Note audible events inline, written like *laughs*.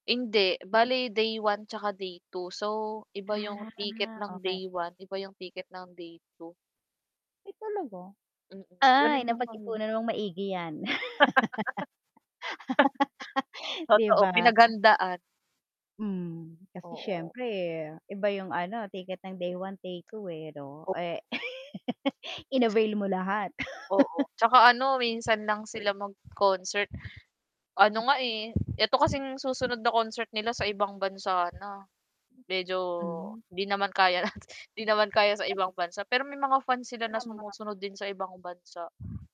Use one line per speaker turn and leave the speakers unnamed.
Hindi, bali day 1 tsaka day 2. So, iba yung ticket
Ah,
ng
okay.
day 1, iba eh yung ticket ng day 2.
Ay talaga?
Mm,
Ay
ganun yung nangya
napag-ipunan ng maigi yan.
*laughs*
*laughs* 'Di
Totoo,
ba?
pinaghandaan.
Hmm, kasi
Oo.
syempre iba yung ano ticket ng day 1, day 2 eh 'no.
O
Eh *laughs* inavail mo lahat. *laughs*
Oo, tsaka ano minsan lang sila mag-concert. Ano nga eh, eto kasing susunod na concert nila sa ibang bansa na. Medyo
Mhm.
'di naman kaya, *chuckles* hindi naman kaya sa ibang bansa, pero may mga fans sila na
Tama.
sumusunod din sa ibang bansa.